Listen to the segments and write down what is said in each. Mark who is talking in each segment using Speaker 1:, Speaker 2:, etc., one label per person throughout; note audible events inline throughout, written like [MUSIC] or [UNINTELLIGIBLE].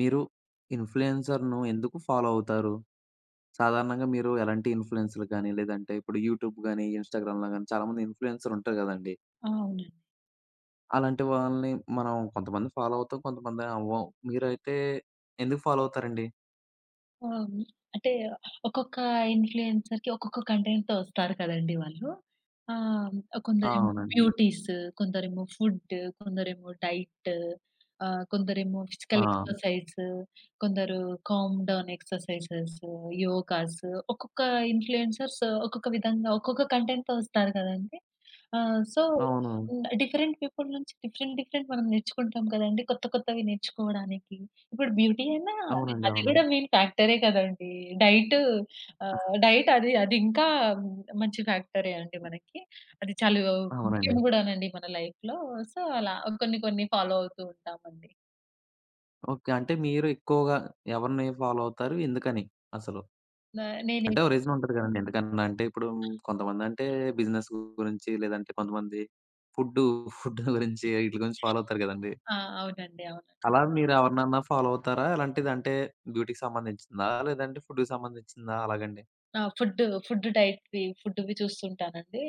Speaker 1: మీరు ఇన్‌ఫ్లుయెన్సర్‌‌ను ఎందుకు ఫాలో అవుతారు? సాధారణంగా మీరు ఎలాంటి ఇన్‌ఫ్లుయెన్సర్‌‌లు కానీ లేదంటే ఇప్పుడు యూట్యూబ్ కానీ ఇన్స్టాగ్రామ్‌లో కానీ చాలామంది ఇన్‌ఫ్లుయెన్సర్ ఉంటారు కదండీ...
Speaker 2: ఆ! అవునండి.
Speaker 1: అలాంటి వాళ్ళని మనం కొంతమంది ఫాలో అవుతాం, కొంతమంది అవ్వం, మీరైతే ఎందుకు ఫాలో అవుతారండి?
Speaker 2: ఆ! అంటే ఒక్కొక్క ఇన్‌ఫ్లుయెన్సర్‌కి ఒక్కొక్క కంటెంట్‌తో వస్తారు కదండీ వాళ్ళు. ఆహ్,
Speaker 1: ఆ!
Speaker 2: కొందరేమో
Speaker 1: అవునండి.
Speaker 2: బ్యూటీస్ కొందరేమో ఫుడ్ కొందరేమో డైట్ ఆహ్, కొందరేమో ఫిజికల్
Speaker 1: ఆ!
Speaker 2: ఎక్సర్‌సైజ్ కొందరు కామ్ డౌన్ ఎక్సర్‌సైజ్స్, యోగాస్ ఒక్కొక్క ఇన్‌ఫ్లుయెన్సర్స్ ఒక్కొక్క విధంగా ఒక్కొక్క కంటెంట్‌తో వస్తారు కదండీ! ఆహ్, సో,
Speaker 1: అవునా?
Speaker 2: హ్మ్, డిఫరెంట్ పీపుల్ నుంచి డిఫరెంట్ డిఫరెంట్ మనం నేర్చుకుంటాం కదండీ. కొత్త, కొత్తవి నేర్చుకోవడానికి ఇప్పుడు బ్యూటీ అయినా
Speaker 1: అవునండి.
Speaker 2: అది
Speaker 1: అవును.
Speaker 2: కూడా మెయిన్ ఫ్యాక్టరే కదండీ. డైట్ ఆహ్, డైట్ అది అది ఇంకా మంచి ఫ్యాక్టరే అండి మనకి. అది చాలా ముఖ్యం
Speaker 1: అవునండి.
Speaker 2: కూడా నండి మన లైఫ్‌లో. సో, అలా కొన్ని, కొన్ని ఫాలో అవుతూ ఉంటామండి.
Speaker 1: ఓకే. అంటే మీరు ఎక్కువగా ఎవరిని ఫాలో అవుతారు? ఎందుకని అసలు?
Speaker 2: నా నేనే.
Speaker 1: అంటే ఓ రీజన్ ఉంటది కదండీ. ఎందుకన్నా అంటే ఇప్పుడు కొంతమంది అంటే బిజినెస్ గురించి లేదంటే కొంతమంది ఫుడ్ ఫుడ్ గురించి [CHUCKLES] వీటిల గురించి ఫాలో అవుతారు కదండీ.
Speaker 2: ఆ! అవునండి. అవునండి.
Speaker 1: అలా మీరు ఎవరినన్నా ఫాలో అవుతారా? అలాంటిది అంటే బ్యూటీకి సంబంధించిందా? లేదంటే ఫుడ్‌కి సంబంధించిందా అలాగండి?
Speaker 2: ఆ! ఫుడ్, ఫుడ్ డైట్, ఫుడ్‌వి చూస్తుంటాను అండి.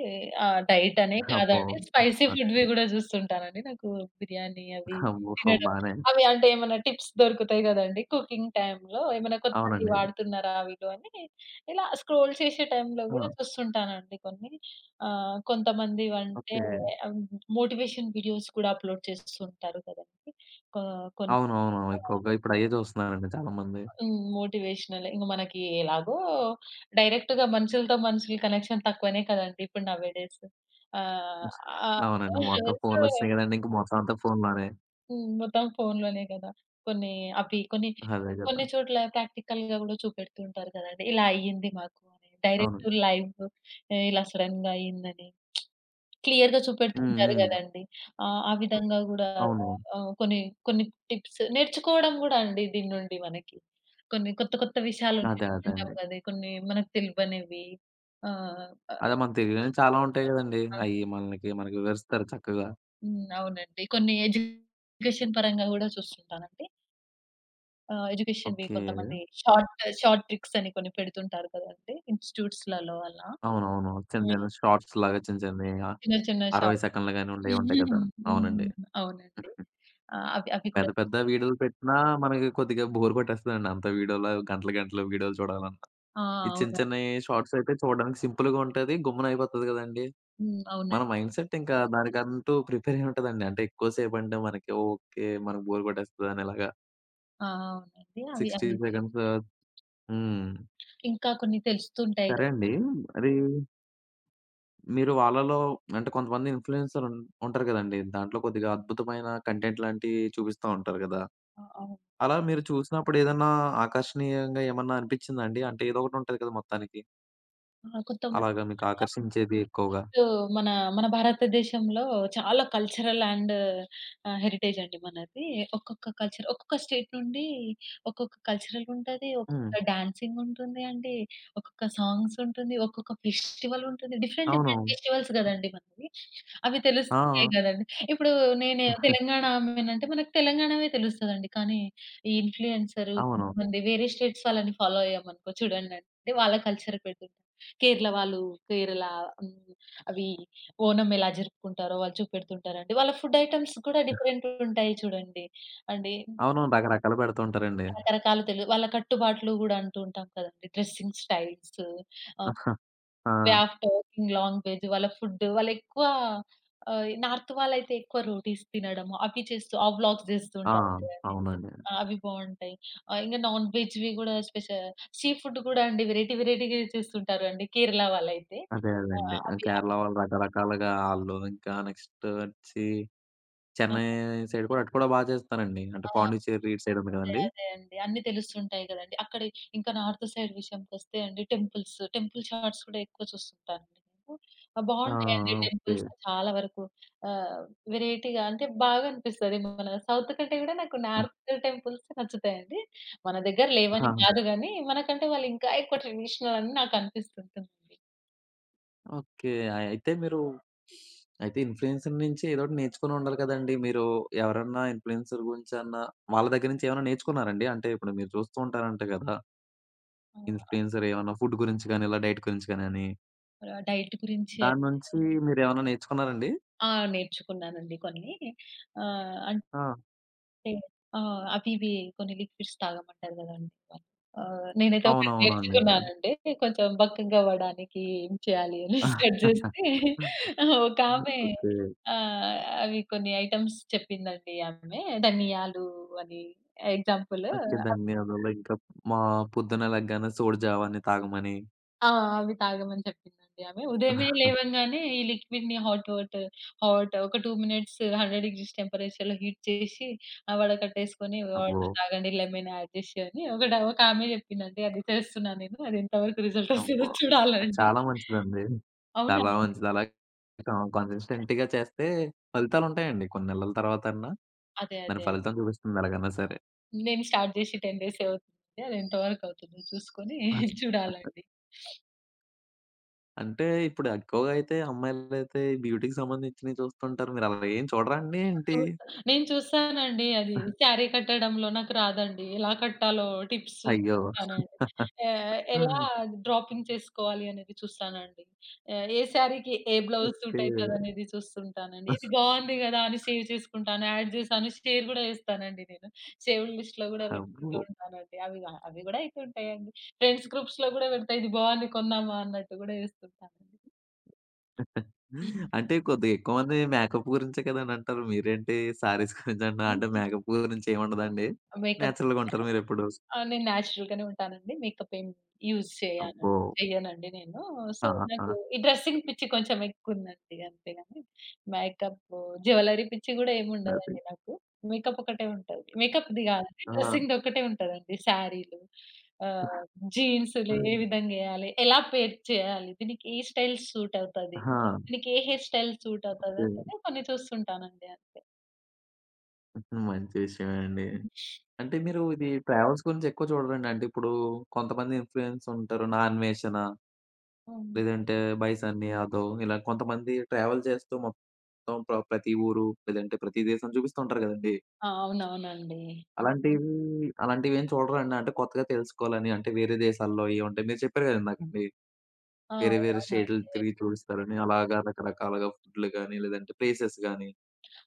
Speaker 2: ఆహ్, డైట్ అనే
Speaker 1: అబ్బో!
Speaker 2: కాదండి స్పైసీ
Speaker 1: ఆ!
Speaker 2: ఫుడ్‌వి కూడా చూస్తుంటాను అండి. నాకు బిర్యానీ అవి
Speaker 1: అబ్బో!
Speaker 2: తినడం
Speaker 1: బానే
Speaker 2: అవి అంటే ఏమన్నా టిప్స్ దొరుకుతాయి కదండీ కుకింగ్ టైమ్‌లో ఏమైనా కొత్తది
Speaker 1: అవునండి.
Speaker 2: వాడుతున్నారా అని. ఇలా స్క్రోల్ చేసే టైమ్‌లో కూడా
Speaker 1: ఆ!
Speaker 2: చూస్తుంటాను అండి కొన్ని. ఆహ్, కొంతమంది అంటే
Speaker 1: ఓకే.
Speaker 2: మోటివేషన్ వీడియోస్ కూడా అప్లోడ్ చేస్తూ ఉంటారు కదండి. ఆ! కోన్
Speaker 1: అవును అవును.
Speaker 2: ఆ!
Speaker 1: ఎక్కువగా ఇప్పుడు అయ్యే చూస్తున్నారండి చాలామంది.
Speaker 2: హ్మ్. మోటివేషనలే ఇంక మనకి ఎలాగో మొత్తం డైరెక్ట్‌గా మనుషుల కనెక్షన్ తక్కువనే కదండీ! ఇప్పుడు నౌ ఏ డేస్ ఆహ్,
Speaker 1: అవునండి మొత్తం
Speaker 2: [UNINTELLIGIBLE]
Speaker 1: ఫోన్‌లొచ్చినాయి కదండీ! ఇంకా మొత్తం అంతా ఫోన్‌లోనే.
Speaker 2: హ్మ్, మొత్తం ఫోన్‌లోనే కదా! కొన్ని అవి కొన్ని,
Speaker 1: అదే కదా!
Speaker 2: కొన్ని చోట్ల ప్రాక్టికల్‌గా కూడా చూపెడుతూ ఉంటారు కదండి. ఇలా అయింది మాకు డైరెక్ట్
Speaker 1: అవును.
Speaker 2: లైవ్ ఇలా సడెన్‌గా అయింది అని. [SMACKS LIPS] క్లియర్‌గా చూపెడుతూ
Speaker 1: హ్మ్.
Speaker 2: ఉంటారు
Speaker 1: హ్మ్.
Speaker 2: కదండీ ఆ! ఆ విధంగా కూడా
Speaker 1: అవును.
Speaker 2: ఆహ్ కొన్ని, కొన్ని టిప్స్ నేర్చుకోవడం కూడా అండి. దీని నుండి మనకి, కొన్ని కొత్త కొత్త విషయాలు
Speaker 1: అదే అదే
Speaker 2: నేర్చుకుంటాం
Speaker 1: అండి.
Speaker 2: గదా! కొన్ని మనకు తెలివనివి. ఆ! ఆహ్
Speaker 1: అదే, మన తెలియనివి చాలా ఉంటాయి కదండీ!
Speaker 2: ఆ!
Speaker 1: అయి మనకి, మనకి వివరిస్తారు చక్కగా.
Speaker 2: హ్మ్. అవునండి కొన్ని ఎడ్యుకేషన్ పరంగా కూడా చూస్తుంటాను అండి. ఆహ్, ఎడ్యుకేషన్‌వి
Speaker 1: ఓకె.
Speaker 2: కొంతమంది షార్ట్ షార్ట్ ట్రిక్స్ అని కొన్ని పెడుతుంటారు కదండీ ఇన్స్టిట్యూట్స్‌లలో అలా.
Speaker 1: అవునవును. చిన్న చిన్న షార్ట్స్‌లాగా చిన్న చిన్నవి ఆహ్,
Speaker 2: చిన్న చిన్న
Speaker 1: అరవై
Speaker 2: షార్ట్.
Speaker 1: సెకన్లు గాని
Speaker 2: [UNINTELLIGIBLE]
Speaker 1: ఉండేవి ఉంటాయి కదా!
Speaker 2: [CHUCKLES]
Speaker 1: అవునండి.
Speaker 2: హ్మ్. అవునండి ఆహ్, అవి అవి
Speaker 1: పెద్ద
Speaker 2: కూడా
Speaker 1: పెద్ద వీడియోలు పెట్టినా మనకి కొద్దిగా బోర్ కొట్టేస్తదండి. అంత వీడియోల గంటలు గంటలు వీడియోలు చూడాలన్న.
Speaker 2: ఆ!
Speaker 1: ఈ చిన్న
Speaker 2: అవునండి.
Speaker 1: చిన్నయి షార్ట్స్ అయితే చూడడానికి సింపుల్‌గా ఉంటది, గమ్మున అయిపోతది కదండీ.
Speaker 2: హ్మ్.
Speaker 1: మన
Speaker 2: అవునండి.
Speaker 1: మైండ్‌సెట్ ఇంకా దానికంటూ ప్రిపేర్ అయి ఉంటదండి. అంటే ఎక్కువ సేపు అంటే మనకి ఓకె. మన బోర్ కొట్టేస్తదనేలాగా.
Speaker 2: ఆ! అవునండి అవి
Speaker 1: 60
Speaker 2: అవి
Speaker 1: సెకండ్స్. హ్మ్.
Speaker 2: ఇంకా కొన్ని తెలుస్తుంటాయి [UNINTELLIGIBLE]
Speaker 1: సరే అండీ. అదీ మీరు వాళ్ళలో అంటే కొంతమంది ఇన్ఫ్లుయెన్సర్ ఉం ఉంటారు కదండీ. దాంట్లో కొద్దిగా అద్భుతమైన కంటెంట్ లాంటియి చూపిస్తా ఉంటారు కదా!
Speaker 2: అవును.
Speaker 1: అలా మీరు చూసినప్పుడు ఏదన్నా ఆకర్షణీయంగా ఏమన్నా అనిపించిందా అండి? అంటే ఏదో ఒకటి ఉంటుంది కదా మొత్తానికి. అలాగా మీకు
Speaker 2: [UNINTELLIGIBLE]
Speaker 1: ఆకర్షించేది ఎక్కువగా?
Speaker 2: ఇప్పుడు మన మన భారతదేశంలో చాలా కల్చరల్ అండ్ ఆహ్, హెరిటేజ్ అండి మనది. ఒక్కొక్క కల్చర్ ఒక్కొక్క స్టేట్ నుండి ఒక్కొక్క కల్చరల్ ఉంటది.
Speaker 1: హ్మ్.
Speaker 2: ఒక్కొక్క డాన్సింగ్ ఉంటుంది అండి. ఒక్కొక్క సాంగ్స్ ఉంటుంది. ఒక్కొక్క ఫెస్టివల్ ఉంటుంది. డిఫరెంట్ డిఫరెంట్
Speaker 1: అవును.
Speaker 2: ఫెస్టివల్స్ కదండీ మనకి. అవి తెలుస్తుంటాయి
Speaker 1: ఆ!
Speaker 2: కదండీ! ఇప్పుడు నేను తెలంగాణ
Speaker 1: [CHUCKLES]
Speaker 2: ఆమెని అంటే మన తెలంగాణవే తెలుస్తది అండి. కానీ ఈ ఇన్ఫ్లుయెన్సర్
Speaker 1: అవును.
Speaker 2: కొంతమంది వేరే స్టేట్స్ వాళ్ళని ఫాలో అయ్యామనుకో చూడండి అండి. వాళ్ళ కల్చర్ పెడుతుంటారు. కేరళ వాళ్ళు కేరళ హ్మ్. అవి ఓనం ఎలా జరుపుకుంటారో, వాళ్ళు చూపెడుతుంటారండి. వాళ్ళ ఫుడ్ ఐటెమ్స్ కూడా డిఫరెంట్‌గా ఉంటాయి చూడండి అండి.
Speaker 1: అవును. రకరకాలు పెడుతుంటారండి.
Speaker 2: రకరకాలు తెలు వాళ్ళ కట్టుబాట్లు కూడా అంటూ ఉంటాం కదండీ! డ్రెసింగ్ స్టైల్స్ ఆహ్,
Speaker 1: [CHUCKLES]
Speaker 2: వే
Speaker 1: ఆ!
Speaker 2: ఆఫ్ టాకింగ్ లాంగ్వేజ్, వాళ్ళ ఫుడ్. వాళ్ళు ఎక్కువ ఆహ్, ఇ నార్త్ వాళ్ళయితే ఎక్కువ రోటిస్ తినడం అవి చేస్తూ ఆ వ్లాగ్స్ చేస్తూ
Speaker 1: ఆ!
Speaker 2: ఉంటారు గదండీ.
Speaker 1: అవునండి.
Speaker 2: అవి బాగుంటాయి. ఆహ్, ఇంగ నాన్‌వేజ్‌ కూడా స్పెషల్‌గా సీ ఫుడ్ కూడా వేరైటీ వేరైటీగా చేస్తుంటారు అండి. కేరళ వాళ్ళయితే.
Speaker 1: అదే అదే అండి.
Speaker 2: ఆహ్,
Speaker 1: ఆ
Speaker 2: అవి ఆ
Speaker 1: కేరళ వాళ్ళు రకరకాలుగా ఆళ్ళు ఇంకా నెక్స్ట్ వచ్చి, చెన్నై సైడ్ కూడా అటు కూడా బా చేస్తారండి. అంటే
Speaker 2: ఆ!
Speaker 1: పాండిచ్చేరి ఇటు సైడ్ ఉంది
Speaker 2: అదే,
Speaker 1: కదండీ.
Speaker 2: అదే అండి. అన్ని తెలుస్తూ ఉంటాయి కదండీ! అక్కడ ఇంకా నార్త్ సైడ్ విషయానికి వస్తే అండి టెంపుల్స్. టెంపుల్ షార్ట్స్ కూడా ఎక్కువ చూస్తుంటాను. ఆహ్,
Speaker 1: ఆ!
Speaker 2: బాగుంటాయి అండి టెంపుల్స్
Speaker 1: ఓకే
Speaker 2: చాలా వరకు. ఆహ్, వేరైటీగా అంటే బాగనిపిస్తదేమో మన సౌత్ కంటే కూడా నార్త్ టెంపుల్సే నచ్చుతాయండి. మన దగ్గర లేవని
Speaker 1: ఆ!
Speaker 2: కాదు కానీ, మనకంటే వాళ్ళు ఇంకా ఎక్కువ ట్రెడిషనల్ అని నాకనిపిస్తుంటుంది.
Speaker 1: ఓకే. ఆహ్, అయితే మీరు [SNIFFS] అయితే ఇన్‌ఫ్లూయెన్సర్ నుంచి ఏదో ఒకటి నేర్చుకొని ఉండాలి కదండీ. మీరు ఎవరన్నా ఇన్‌ఫ్లూయెన్సర్ గురించి అన్న, వాళ్ళ దగ్గర నుంచేమన్నా నేర్చుకున్నారండి అంటే ఇప్పుడు మీరు చూస్తూ ఉంటారంట కదా...
Speaker 2: ఆ!
Speaker 1: ఇన్‌ఫ్లూయెన్సర్ ఏమన్నా ఫుడ్ గురించి కానీ ఇలా డైట్ గురించి గానని...
Speaker 2: ర డైట్ గురించి
Speaker 1: దాని
Speaker 2: అయితే
Speaker 1: నుంచి మీరేమన్నా నేర్చుకున్నారండి.
Speaker 2: ఆ! నేర్చుకున్నానండి కొన్ని. ఆహ్, అంట్
Speaker 1: ఆ!
Speaker 2: టే ఆ! అవివే. కొన్ని లిక్విడ్స్ తాగమంటారు కదండీ! ఆహ్, నేనైతే ఒకటి
Speaker 1: అవునవును అండి. ఓకె.
Speaker 2: నేర్చుకున్నాను అండి. కొంచెం బక్కగా అవ్వడానికి ఏం చేయాలి అని [CHUCKLES] సర్చ్
Speaker 1: [CHUCKLES]
Speaker 2: చేస్తే
Speaker 1: హ్మ్.
Speaker 2: ఆ! ఒక ఆమె
Speaker 1: ఓకే.
Speaker 2: ఆహ్, అవి కొన్ని ఐటెమ్స్ చెప్పిందండి ఆమె ధనియాలు అని ఎగ్జాంపులు
Speaker 1: ఓకె. ధనియాలు వల్ల ఇంకా, మా పొద్దున్న లెగ్గానే సోడి జావని తాగమని.
Speaker 2: ఆ! అవి తాగమని చెప్పిందండి ఆమె. ఉదయమే
Speaker 1: [CHUCKLES]
Speaker 2: లేవంగానే ఈ లిక్విడ్‌ని హాట్ వాటర్ హాట్ ఒక 2 మినిట్స్ 100° డిగ్రీస్ టెంపరేచర్‌లో హీట్ చేసి ఆహ్, వడ కట్టేసుకొని వాటర్
Speaker 1: అబ్బో!
Speaker 2: తాగండి లెమన్ అడ్ చేసి ఒకటి ఒక ఆమె చెప్పింది అండి అది చేస్తున్నా నేను. అదెంత వరకు రిజల్ట్
Speaker 1: అబ్బ!
Speaker 2: వస్తుందో
Speaker 1: అది
Speaker 2: చూడాలండి.
Speaker 1: చాలా మంచిదండి.
Speaker 2: అవునా
Speaker 1: చాలా
Speaker 2: అండి!
Speaker 1: మంచిది అలా క కన్సిస్టెంట్‌గా చేస్తే ఫలితాలు ఉంటాయండి. కొన్ని నెలల తర్వాతన్నా
Speaker 2: అదే,
Speaker 1: దాని
Speaker 2: అదే అండి.
Speaker 1: ఫలితం చూపిస్తుంది ఎలాగనా సరే!
Speaker 2: నేను స్టార్ట్ చేసి 10 డేసే అవుతుంది. అది ఎంత వరకు అవుతుందో చూసుకొని [CHUCKLES]
Speaker 1: [UNINTELLIGIBLE]
Speaker 2: చూడాలండి. [SNIFFS]
Speaker 1: అంటే ఇప్పుడా ఎక్కువగా అయితే అమ్మాయిలైతే బ్యూటీకి సంబంధించినయి చూస్తుంటారు. మీరు అలా ఏం చూడరా అండి ఏంటి?
Speaker 2: చూస్తా, నేను చూస్తానండి అది
Speaker 1: [CHUCKLES]
Speaker 2: శారీ కట్టడంలో నాకు రాదండి. ఎలా కట్టాలో, టిప్స్
Speaker 1: అయ్యో!
Speaker 2: చూసుకుంటానండి. ఎ ఎలా
Speaker 1: [CHUCKLES]
Speaker 2: డ్రాపింగ్ చేసుకోవాలి అనేది చూస్తానండి. ఏ ఏ శారీకి ఏ బ్లౌజ్
Speaker 1: ఓకే.
Speaker 2: సూట్ అయితది అనేది చూస్తుంటానండి.
Speaker 1: అస్
Speaker 2: ఇది బావుంది గదా! అని సేవ్ చేసుకుంటాను. యాడ్ చేశాను, షేర్ కూడా చేస్తానండి నేను. సేవ్‌డ్ లిస్ట్‌లో గూడా పెట్టుకుంటూ
Speaker 1: అబ్బో!
Speaker 2: ఉంటానండి. అవి గా అవి గూడా అయితుంటాయండి. ఫ్రెండ్స్ గ్రూప్స్‌లో గూడా పెడతా. ఇది బావుంది, కొందామా అన్నట్టు గూడా చేస్తుంటానండి.
Speaker 1: [CHUCKLES] అంటే కొద్దిగా ఎక్కువమంది మేకప్ గురించే కదా! అని అంటారు. మీరేంటి శారీస్ [CHUCKLES] గురించి అంటున్నారు. అంటే
Speaker 2: ఉహూ.
Speaker 1: మేకప్ గురించి ఏమి ఉండదా అండి?
Speaker 2: మేకప్
Speaker 1: నేచురల్‌గా ఉంటారు మీరెప్పుడు?
Speaker 2: ఆహ్, నేను నేచురల్‌ గానే ఉంటానండి. మేకప్ ఏం యూజ్ చేయాన్
Speaker 1: అబ్బో!
Speaker 2: చేయనండి నేను. సో,
Speaker 1: ఆ!
Speaker 2: నాకూ
Speaker 1: ఆ!
Speaker 2: ఈ డ్రెసింగ్ పిచ్చి కొంచెం ఎక్కువుందండి. అంతే కానీ మేకప్, జ్యులరీ పిచ్చి కూడా ఏమి
Speaker 1: నాది.
Speaker 2: ఉండదండి నాకు. మేకప్ ఒకటే ఉంటది. మేకప్‌ది కాదు
Speaker 1: ఆ!
Speaker 2: డ్రెసింగ్‌ది ఒక్కటే ఉంటదండి. సారీలు ఆహ్, జీన్స్‌లు ఏ
Speaker 1: [CHUCKLES]
Speaker 2: విధంగేయాలి? ఎలా పెయిర్ చేయాలి? దీనికి ఏ స్టైల్ సూట్ అవుతది?
Speaker 1: హా!
Speaker 2: దీనికి ఏ హెయిర్ స్టైల్ సూట్
Speaker 1: ఓకే.
Speaker 2: అవుతదంటేనే కొన్ని చూస్తుంటానండి. అంతే.
Speaker 1: హుహు. మంచి విషయమే అండి.
Speaker 2: [GIGGLES]
Speaker 1: అంటే మీరూ ఇదీ ట్రావెల్స్ గురించి ఎక్కువ చూడరండి? అంటే ఇప్పుడూ, కొంతమంది ఇన్‌ఫ్లూయెన్స్ ఉంటారు నా అన్వేషణ.
Speaker 2: అవును.
Speaker 1: లేదంటే, బై సన్నీ యాదవ్ ఇలా కొంతమంది ట్రావెల్ చేస్తూ మొత్తం ప్ర ప్రతి ఊరు, లేదంటే ప్రతి దేశం చూపిస్తూ ఉంటారు కదండీ.
Speaker 2: అవునవునండి.
Speaker 1: అలాంటీయన్ని అలాంటివి ఏం చూడరా అండి? అంటే కొత్తగా తెలుసుకోవాలని, అంటే వేరే దేశాల్లో ఏవి ఉంటాయి. మీరు చెప్పారు గదా ఇందాక మీర్
Speaker 2: ఆ!
Speaker 1: వేరే, వేరే
Speaker 2: అవునవునండి.
Speaker 1: స్టేట్‌లు
Speaker 2: [UNINTELLIGIBLE]
Speaker 1: తిరిగి చూయిస్తారని అలాగా రకరకాలుగా ఫుడ్‌లు గానీ, లేదంటే ప్లేసెస్ గానీ.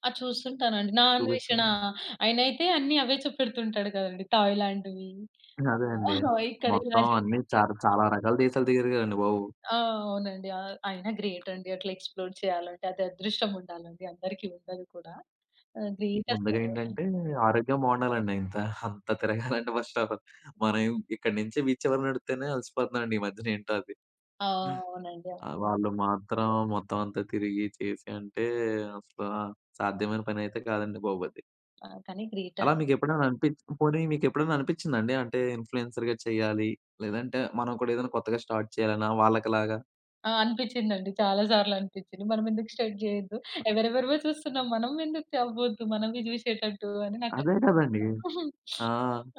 Speaker 2: ఆ! చూస్తుంటాను అండి. నా అన్వేషణ
Speaker 1: చూపిస్తున్నాం.
Speaker 2: ఆయన అయితే, అన్ని అవే చూపెడుతుంటాడు కదండీ. థాయిలాండ్‌వీ,
Speaker 1: హ్మ్. అదే అండి.
Speaker 2: ఆహ్! ఇక్కడ ఇలా
Speaker 1: మొత్తం
Speaker 2: జరిగింది.
Speaker 1: అన్నీ చాల చాలా రకాల దేశాలు తిరిగారు కదండి బాబు.
Speaker 2: ఆ! అవునండి. ఆహ్, అయినా గ్రేట్ అండి. అట్లా ఎక్స్‌ప్లోర్ చెయ్యాలంటే. అది అదృష్టం ఉండాలండి, అందరికి ఉండదు కూడా. ఆహ్ గ్రేట్
Speaker 1: ముందుగా
Speaker 2: అసలు.
Speaker 1: ఏంటంటే, ఆరోగ్యం బావుండాలండి ఇంత, అంత తిరగాలంటే, ఫస్ట్ ఆఫ్ ఆల్ మనమేం ఇక్కడి నించి వీది చివర నడిత్తేనే అలసిపోతున్నామండి, ఈ మధ్యన ఏంటో అది.
Speaker 2: ఆ! అవునండి. అ
Speaker 1: ఆహ్, వాళ్ళు మాత్రం మొత్తం అంతా తిరిగి, చేసి అంటే అసల సాధ్యమైన పనైతే కాదండి బాబు అది.
Speaker 2: కానీ గ్రేట్ అండి.
Speaker 1: అలా మీకు ఎప్పుడైనా అనిపిచ్ పోనీ మీకు ఎప్పుడైనా అనిపిచ్చిందా అండి? అంటే ఇన్‌ఫ్లుయెన్సర్‌గా చెయ్యాలి. లేదంటే మనం కూడా ఏదైనా కొత్తగా స్టార్ట్ చేయాలన్న వాళ్ళకి లాగా.
Speaker 2: ఆ! అనిపిచ్చిదండి. చాలా సార్లు అనిపిచ్చింది. మనమెందుకు స్టార్ట్ జేయొద్దు? ఎవరెవరివో చూస్తున్నాం. మనం ఎందుకు చెబ్బద్దు, మనవి జూసేటట్టు అని నాకు
Speaker 1: అదే గదండీ. ఆ!
Speaker 2: [SNIFFS]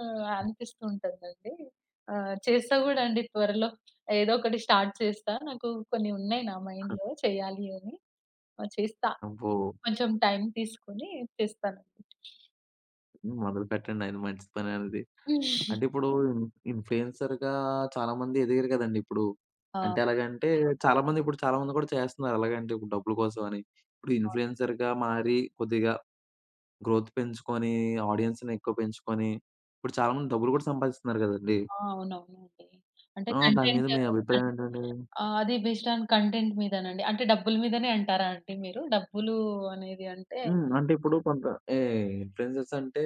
Speaker 2: ఆహ్! అనిపిస్తూ ఉంటాదండి. ఆహ్! చేస్తా గూడా అండి త్వరలో, ఏదోకటి స్టార్ట్ చేస్తా. నాకు కొన్ని ఉన్నాయి, నా మైండ్‌లో చేయాలి అని. ఆహ్, చేస్తా.
Speaker 1: అబ్బో!
Speaker 2: కొంచెం టైమ్ తీసుకొని చేస్తాను.
Speaker 1: హ్మ్. మొదలు పెట్టండి అది మంచి పని అనేది. అంటే ఇప్పుడు ఇన్ ఇన్‌ఫ్లుయెన్సర్‌గా చాలామంది ఎదిగారు గదండీ ఇప్పుడు. అంటే
Speaker 2: అవును.
Speaker 1: ఎలాగంటే చాలామంది, ఇప్పుడు చాలామంది కూడా చేస్తున్నారు. ఎలాగంటే ఇప్పుడు డబ్బుల కోసం అని, ఇప్పుడు ఇన్‌ఫ్లుయెన్సర్‌గా మారి కొద్దిగా గ్రోత్ పెంచుకొని ఆడియన్స్‌ని ఎక్కువ పెంచుకొని ఇప్పుడు చాలామంది డబ్బులు గూడా సంపాదిస్తున్నారు గదండీ.
Speaker 2: ఆ! అవునవునండి. అంటే
Speaker 1: ఆహ్! దాని మీద
Speaker 2: కంటెంట్
Speaker 1: మీ
Speaker 2: కన్
Speaker 1: అభిప్రాయం ఏంటండి?
Speaker 2: ఆహ్, అది బేస్డ్ ఆన్ కంటెంట్ మీదనండి. అంటే డబ్బుల మీదనే అంటారా అండి మీరు? డబ్బులు అనేది అంటే
Speaker 1: హ్మ్. అంటే ఇప్పుడు కొంత ఎహ్ ఇన్‌ఫ్లుయెన్సర్స్ అంటే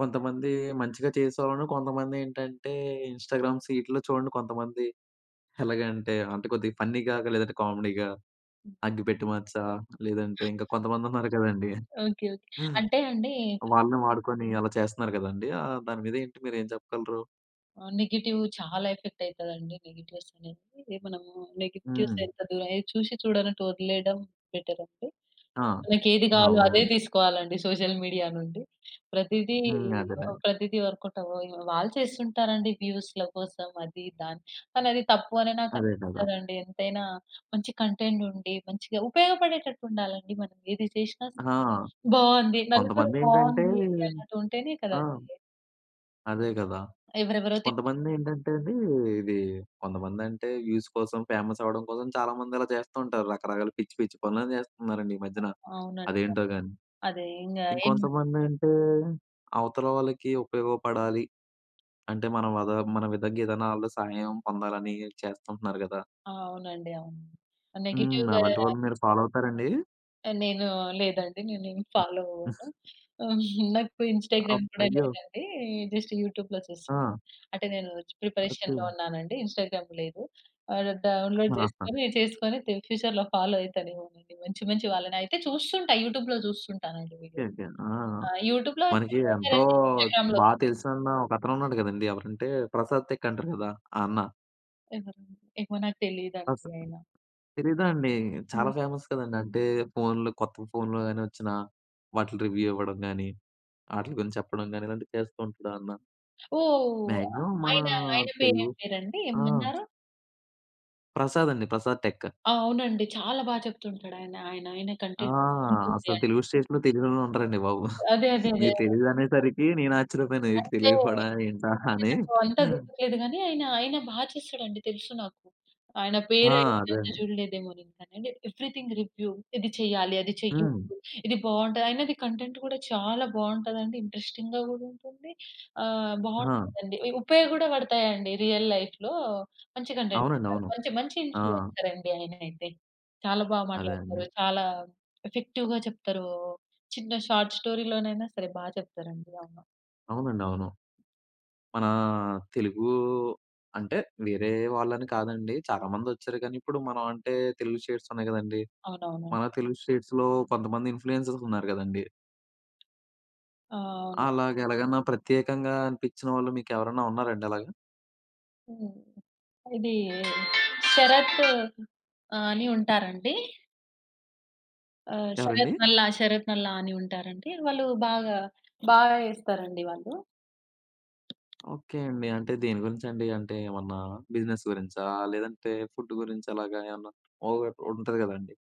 Speaker 1: కొంతమంది మంచిగా చేసేవాళ్ళున్నారు. కొంతమంది ఏంటంటే ఇన్‌స్టాగ్రామ్ సీట్లో చూడండి, కొంతమంది ఎలాగంటే అంటే కొద్దిగా ఫన్నీగా, గ లేదంటే కామెడీగా,
Speaker 2: హ్మ్.
Speaker 1: అగ్గిపెట్టి మచ్చా లేదంటే ఇంకా కొంతమంది ఉన్నారు గదండీ.
Speaker 2: ఓకే. ఓకే. అంటే అండి.
Speaker 1: వాళ్ళని వాడుకొని అలా చేస్తున్నారు గదండీ. ఆహ్, దాని మీద ఏంటి మీరు ఏం చెప్పగలరు?
Speaker 2: ఆ! నెగెటివ్ చాలా ఎఫెక్ట్ అయితాదండి. నెగెటివ్స్ ఆనేది అంటే మనం నెగెటివ్స్
Speaker 1: హ్మ్.
Speaker 2: ఎంత దూర‌యి చూసి చూడనట్టు వదిలేయడం బెటర్ అండి.
Speaker 1: ఆ!
Speaker 2: మనకి ఏది కావాలో అదే
Speaker 1: అవును.
Speaker 2: తీసుకోవాలి అండి సోషల్ మీడియా నుండి. ప్రతిది
Speaker 1: హ్మ్.
Speaker 2: ఓహ్!
Speaker 1: అదేనండి.
Speaker 2: ప్రతిది వర్కౌట్ ఆవవ్వు. వాళ్ళు చేస్తుంటారండి వ్యూస్‌ల కోసం అది దాని కానీ అది తప్పు అని నాకు
Speaker 1: అదే కదా.
Speaker 2: అనిపిస్తదండి ఎంతైనా మంచి కంటెంట్ ఉండి మంచిగా ఉపయోగపడేటట్టు ఉండాలండి మనం ఏది చేసినా సరే
Speaker 1: ఆ!
Speaker 2: బాగుంది నలుగురు
Speaker 1: కొంతమంది ఏంటంటే
Speaker 2: బాగుంది అన్నట్టు ఉంటేనే కదా
Speaker 1: ఆ!
Speaker 2: అదీ...
Speaker 1: అదే గదా.
Speaker 2: ఎవరెవరో‌తే‌ట్
Speaker 1: కొంతమంది ఏంటంటే అండి ఇది కొంతమంది అంటే వ్యూస్ కోసం ఫేమస్ అవ్వడం కోసం చాలామంది అలా చేస్తూ ఉంటారు రకరకాల పిచ్చి పిచ్చి పనులని చేస్తున్నారండి ఈ మధ్యన
Speaker 2: అవునండి.
Speaker 1: అదేంటో గాని.
Speaker 2: అదే ఇంకా ఏం
Speaker 1: ఇంకొంతమంది అంటే, అవతల వాళ్ళకి ఉపయోగపడాలి. అంటే మన వద మన విధంగా ఏదైనా ఆళ్ళు సహాయం పొందాలని చేస్తుంటున్నారు గదా!
Speaker 2: ఆ! అవునండి అవును.
Speaker 1: హ్మ్.
Speaker 2: నెగెటివ్‌గా
Speaker 1: అలాంటి వాళ్ళని మీరు ఫాలో అవుతారండి?
Speaker 2: ఆ! నేను లేదండి నేను ఏమి ఫాలో అవ్వను. [GIGGLES] నాకు ఇన్‌స్టాగ్రామ్
Speaker 1: అప్
Speaker 2: కూడా
Speaker 1: అయ్యో!
Speaker 2: లేదండి జస్ట్ యూట్యూబ్‌లో చూసా.
Speaker 1: ఆ!
Speaker 2: అంటే నేను ప్రిపరేషన్‌లో
Speaker 1: అ‌తేం.
Speaker 2: ఉన్నానండి. ఇన్‌స్టాగ్రామ్ లేదు. ఆహ్, డౌన్లోడ్
Speaker 1: ఆహా!
Speaker 2: జేసుకొని చేసుకొని తిన్ ఫ్యూచర్‌లో ఫాలో అయితానేమో అండి. మంచి మంచి వాళ్ళని అయితే చూస్తుంటా యూట్యూబ్‌లో చూస్తుంటాను అండి
Speaker 1: ఓకే
Speaker 2: వీడియో.
Speaker 1: ఓకే. ఆ! ఆ!
Speaker 2: ఆ! యూట్యూబ్‌లో
Speaker 1: మనకి
Speaker 2: వచ్చినవే
Speaker 1: ఎంతో
Speaker 2: కదండీ ఇన్‌స్టాగ్రామ్‌లో.
Speaker 1: బాగా తెలిసిన అన్న ఒక అతను ఉన్నాడు గదండి ఎవరంటే, ప్రసాద్ టెక్ అంటారు గదా ఆ అన్న.
Speaker 2: ఎవరు? ఏమో నాకు తెలియదు
Speaker 1: అ‌స‌
Speaker 2: అండి ఆయన.
Speaker 1: తెలిదా అండి?
Speaker 2: హ్మ్.
Speaker 1: చాలా ఫేమస్ కదండీ. అంటే ఫోన్‌లు, కొత్త ఫోన్‌లు గాని వచ్చిన వాటిని రివ్యూ ఇవ్వడం గానీ, ఆటిల్ గురించి చెప్పడం గాని, ఇలాంటివి చేస్తూ ఉంటాడు ఆ అన్న...
Speaker 2: ఓహ్!
Speaker 1: మాక్సిమం మనా
Speaker 2: ఆయన, ఆయన పేరు
Speaker 1: తెలుగు
Speaker 2: ఏం పేరండి
Speaker 1: ఆ!
Speaker 2: ఏమన్నారు?
Speaker 1: ప్రసాద్ అండి. ప్రసాద్ టెక్.
Speaker 2: అవునండి. చాలా బాగా చెప్తుంటాడు ఆయన. ఆయన, ఆయన
Speaker 1: ఆ!
Speaker 2: కంటెంట్ బాగుంటుంది.
Speaker 1: అసలు
Speaker 2: ఆయ
Speaker 1: తెలుగు స్టేట్‌లో తెలియనోళ్ళు ఉండరండి బాబు.
Speaker 2: అదే, అదే,
Speaker 1: [GIGGLES]
Speaker 2: అదే,
Speaker 1: మీకు
Speaker 2: అదే.
Speaker 1: తెలియదు అనేసరికి నేను ఆశ్చర్యపోయాను. ఏటి
Speaker 2: అంటే,
Speaker 1: తెలియకపోడం ఏంటా అని.
Speaker 2: నాకు అంత
Speaker 1: [GIGGLES]
Speaker 2: గుర్తులేదు గాని, ఆయన, ఆయన బాగా చేస్తాడండి. తెలుసు నాకు. ఆయన
Speaker 1: ఆ!
Speaker 2: పేరు
Speaker 1: అదే
Speaker 2: [UNINTELLIGIBLE]
Speaker 1: అండి.
Speaker 2: చూడలేదేమో. [UNINTELLIGIBLE] అండి. ఎవరీథింగ్ రివ్యూ ఇది చేయాలి, అది
Speaker 1: హ్మ్.
Speaker 2: చెయ్యదు, ఇది బాగుంటది. ఆయనది కంటెంట్ గూడా చాలా బాగుంటది అండి. ఇంట్రెస్టింగ్‌గా గూడ ఉంటుంది. ఆహ్,
Speaker 1: ఆ!
Speaker 2: బాగుంటదండి. ఇ ఉపయోగ గూడ పడతాయండి. రియల్ లైఫ్‌లో. మంచి కంటెంట్.
Speaker 1: అవునండి.
Speaker 2: [UNINTELLIGIBLE]
Speaker 1: అవును.
Speaker 2: మంచి, మంచి
Speaker 1: ఆ!
Speaker 2: ఇన్‌ఫ్లూ‌యన్సర్ అండి ఆయన అయితే. చాలా బాగా
Speaker 1: అదే
Speaker 2: మాట్లాడుతారు.
Speaker 1: అండి.
Speaker 2: చాలా ఎఫెక్టివ్‌గా చెప్తారు. చిన్న షార్ట్ స్టోరీ‌లోనైనా సరే బాగా చెప్తారండి. అవును.
Speaker 1: అవునండి. అవును. మనా తెలుగు అంటే, వేరే వాళ్ళని కాదండి. చాలామంది వచ్చారు కానీ, ఇప్పుడు మనం అంటే తెలుగు స్టేట్స్ ఉన్నాయి గదండీ.
Speaker 2: అవునవును.
Speaker 1: మన తెలుగు స్టే‌ట్స్‌లో, కొంతమంది ఇన్‌ఫ్లూ‌యన్సర్స్ ఉన్నారు గదండి.
Speaker 2: ఆ! అవును.
Speaker 1: అలాగా ఎలాగన్నా ప్రత్యేకంగా అనిపించిన వాళ్ళు మీకెవరన్నా ఉన్నారండి అలాగా?
Speaker 2: హ్మ్. ఇది శరత్ అని ఉంటారండి. ఆ! శరత్
Speaker 1: ఎవరండి?
Speaker 2: నల్ల, శరత్ నల్ల అని ఉంటారండి. వాళ్ళు బాగా బాగా చేస్తారండి వాళ్ళు.
Speaker 1: ఓకే అండి. అంటే దేని గురించి అండి? అంటే ఏమన్నా బిజినెస్ గురించా, లేదంటే ఫుడ్ గురించి అలాగా ఏమన్నా ఒక ఒకటి ఉంటుంది కదండీ?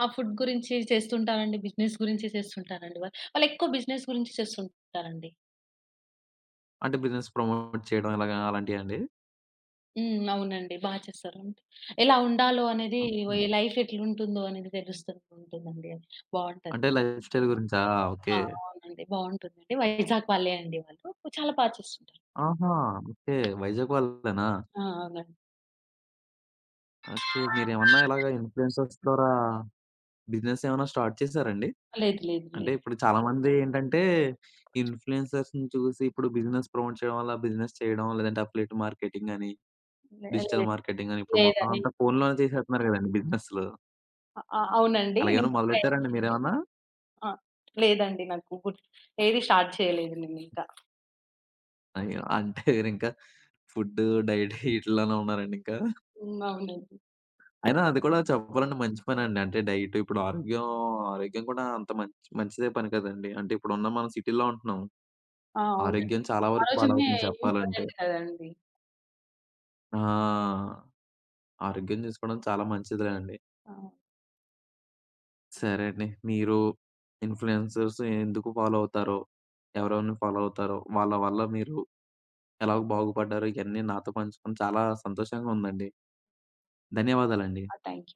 Speaker 2: ఆ! ఫుడ్ గురించి చేస్తుంటారండి. బిజినెస్ గురించి చేస్తు ఉంటారండి. వాళ్ళు వాళ్లేక్కువ బిజినెస్ గురించి చేస్తూ ఉంటారండి.
Speaker 1: అంటే బిజినెస్ ప్రమోట్ చేయడం ఎలాగ, అలాంటివా అండి?
Speaker 2: హ్మ్. అవునండి. బాగా చేస్తారు అండి. ఎలా ఉండాలో అనేది,
Speaker 1: ఓకె.
Speaker 2: లైఫ్ ఎట్లా ఉంటుందో అనేది తెలుస్తూ ఉంటుంది అండి, బాగుంటది.
Speaker 1: అంటే లైఫ్ స్టైల్ గురించా.
Speaker 2: ఆ!
Speaker 1: ఓకే.
Speaker 2: అవునండి. బాగుంటుంది అండి. వైజాగ్ వాళ్ళే అండి వాళ్ళు. చాలా బాగా చేస్తుంటారు.
Speaker 1: ఆహా! ఓకే వైజాగ్ వాళ్ళేనా.
Speaker 2: ఆ! అవును.
Speaker 1: ఓకే. మీరేమన్నా ఇలాగ ఇన్‌ఫ్లుయెన్సర్స్ ద్వారా, బిజినెస్ ఏమన్నా స్టార్ట్ చేసారండి?
Speaker 2: లేదు, లేదు,
Speaker 1: అంటే
Speaker 2: లేదు.
Speaker 1: ఇప్పుడు చాలా మంది ఏంటంటే, ఇన్‌ఫ్లుయెన్సర్స్‌ని చూసి ఇప్పుడు బిజినెస్ ప్రమోట్ చేయడం వల్ల బిజినెస్ చేయడం, లేదంటే అఫిలియేట్ మార్కెటింగ్ అని,
Speaker 2: లే
Speaker 1: డిజిటల్
Speaker 2: లేదు
Speaker 1: మార్కెటింగ్ అని ఇప్పుడు మొత్తం
Speaker 2: లేదండి.
Speaker 1: అంతా ఫోన్‌లోనే చేసేస్తున్నారు కదండీ! బిజినెస్‌లు.
Speaker 2: అ అవునండి.
Speaker 1: అలాగేమన్నా
Speaker 2: నేను
Speaker 1: మొదలుపెట్టారండి, మీరేమన్నా?
Speaker 2: [UNINTELLIGIBLE] ఆ! లేదండి నాకు గూ ఏది స్టార్ట్ చేయలేదు నేను ఇంకా.
Speaker 1: అయ్యో! అంటే [CHUCKLES] మీరింకా ఫుడ్, డైట్ ఇవిటీలోనే ఉన్నారండి ఇంకా?
Speaker 2: హ్మ్. అవునండి.
Speaker 1: అయినా అది కూడా చెప్పాలంటే మంచి పనండి. అంటే డైట్ ఇప్పుడు ఆరోగ్యం, ఆరోగ్యం కూడా అంత మంచి మంచిదే పని కదండీ! అంటే ఇప్పుడు ఉన్న మనం సిటీలో ఉంటున్నాం.
Speaker 2: ఆ! అవునండి.
Speaker 1: ఆరోగ్యం చాలా
Speaker 2: ఆ
Speaker 1: వరకు
Speaker 2: రోజునే
Speaker 1: పాడవుతుంది చెప్పాలంటే.
Speaker 2: ఇంపార్టెంట్ కదండీ!
Speaker 1: ఆ! ఆరోగ్యం చుసుకోవడం చాలా మంచిది లేండి.
Speaker 2: అవును.
Speaker 1: సరే అండి. మీరు ఇన్‌ఫ్లుయెన్సర్స్ ఎందుకు ఫాలో అవుతారో? ఎవరెవర్ని ఫాలో అవుతారో? వాళ్ళ వల్ల మీరు ఎలా బాగుపడ్డారు? ఇయన్నీ నాతో పంచుకొని చాలా సంతోషంగా ఉందండి. ధన్యవాదాలండి.
Speaker 2: ఆ! థ్యాంక్యూ.